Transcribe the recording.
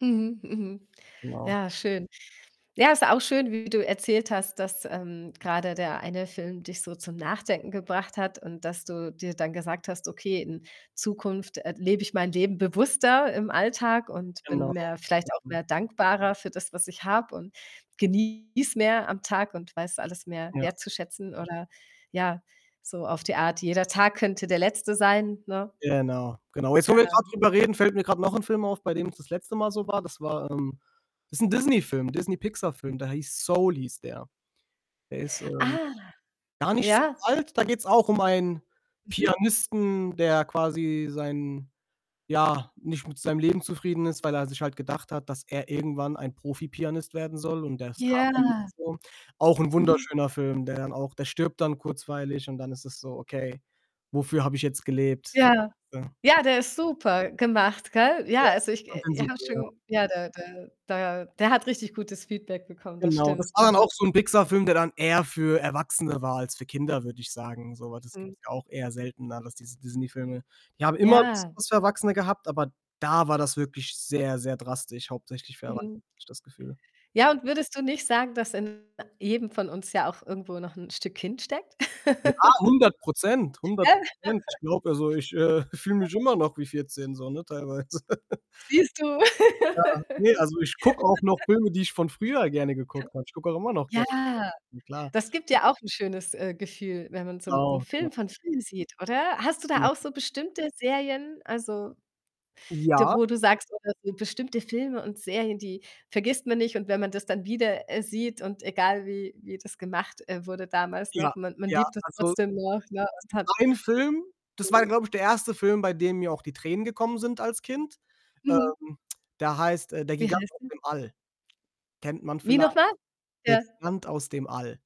Mhm, mhm. Genau. Ja, schön. Ja, ist auch schön, wie du erzählt hast, dass, ähm, grade der eine Film dich so zum Nachdenken gebracht hat und dass du dir dann gesagt hast: „Okay, in Zukunft, äh, lebe ich mein Leben bewusster im Alltag und bin Genau. mehr vielleicht auch Mhm. mehr dankbarer für das, was ich habe und genieße mehr am Tag und weiß alles mehr Ja. wertzuschätzen“, oder ja, so auf die Art, jeder Tag könnte der Letzte sein, ne? Genau, genau. Jetzt, wo wir Ja. grad drüber reden, fällt mir grad noch 'n Film auf, bei dem es das letzte Mal so war. Das war, ähm das ist 'n Disney-Film, 'n Disney-Pixar-Film, der hieß „Soul“, hieß der. Der ist, ähm, Ah. gar nicht so Ja. alt. Da geht's auch um einen Mhm. Pianisten, der quasi sein ja, nicht mit seinem Leben zufrieden ist, weil er sich halt gedacht hat, dass er irgendwann ein Profipianist werden soll und ja es kam halt nicht Ja. so. Auch 'n Mhm. wunderschöner Film, der dann auch der stirbt dann kurzweilig und dann ist es so: „Okay, wofür habe ich jetzt gelebt?“, so. Ja, Ja. ja, der ist super gemacht, gell? Ja, Ja. also, Ich ich fand äh, den ich super, habe ja. schon ja, der der da der hat richtig gutes Feedback bekommen, das Genau, das stimmt, war dann mhm. auch so 'n Pixar-Film, der dann eher für Erwachsene war als für Kinder, würde ich sagen so. Aber das Mhm. gibt's auch eher seltener, dass diese Disney-Filme die haben immer [unintelligible] Ja. was für Erwachsene gehabt, aber da war das wirklich sehr, sehr drastisch hauptsächlich für Erwachsene, Mhm. habe ich das Gefühl. Ja, und würdest du nicht sagen, dass in jedem von uns ja auch irgendwo noch 'n Stück Kind steckt? Ja, 100 %, [unintelligible] hundert Prozent. Ich glaube also, ich, äh, fühle Ja. mich immer noch wie 14 so, ne, teilweise. Siehst du? Ja, ne, also, ich gucke auch noch Filme, die ich von früher gerne geguckt habe. Ich gucke auch immer noch. Ja, [unintelligible] Na klar. das gibt dir auch 'n schönes, äh, Gefühl, wenn man so 'nen Genau, genau. Film von früher sieht, oder? Hast du Genau. da auch so bestimmte Serien, also, da Ja. wo du sagst oder so bestimmte Filme und Serien, die vergisst man nicht. Und wenn man das dann wieder, äh, sieht und egal wie wie das gemacht, äh, wurde damals Ja, noch, man man ja, liebt das also, trotzdem noch, ne, es und gibt hat einen Film, das Mhm. war glaube ich, der 1. Film, bei dem mir auch die Tränen gekommen sind als Kind. Mhm. Ähm, der heißt, äh, „Der Wie Gigant heißt aus der? dem All.“ Kennt man Wie vielleicht nochmal? „Der Ja. Gigant aus dem All.“